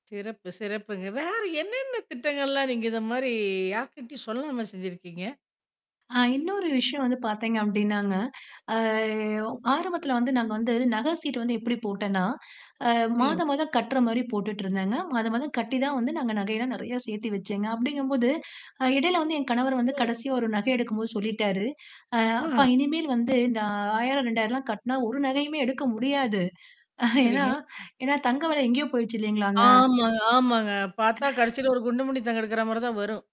சிறப்பு, சிறப்புங்க. வேற என்னென்ன திட்டங்கள்லாம் நீங்க இந்தமாரி யார்க்கிட்டியும் சொல்லாம செஞ்சிருக்கீங்க? ஆ இன்னொரு விஷயம் வந்து பார்த்தீங்க அப்பிடின்னாங்க, அ ஒ ஆரம்பத்தில வந்து நாங்க வந்து நகை சீட்டு வந்து எப்பிடி போட்டேன்னா, அ சொல்லுங்க. மாதம் மாதம் கட்டுற மாரி போட்டுட்டு இருந்தேங்க. மாத மாதம் கட்டி தான் வந்து நாங்க நகையல்லாம் நிறைய சேர்த்தி வச்சேங்க. அப்பிடிங்கம்போது, அ இடையில வந்து என் கணவர் வந்து ஓ! கடைசியா ஒரு நகை எடுக்கும்போது சொல்லிட்டாரு. அ ஆ. அப்பா இனிமேல் வந்து இந்த ரூ.1000, ரூ.2000 லாம் கட்னா ஒரு நகையுமே எடுக்க முடியாது. ஏன்னா, சரிங்க. ஏன்னா தங்க வேலை எங்கேயோ போயிடுச்சு இல்லேங்களாங்க! ஆமா ஆமாங்க. பார்த்தா கடைசியில ஒரு குண்டுமணி தங்க எடுக்கிறமாரி தான் வரும்.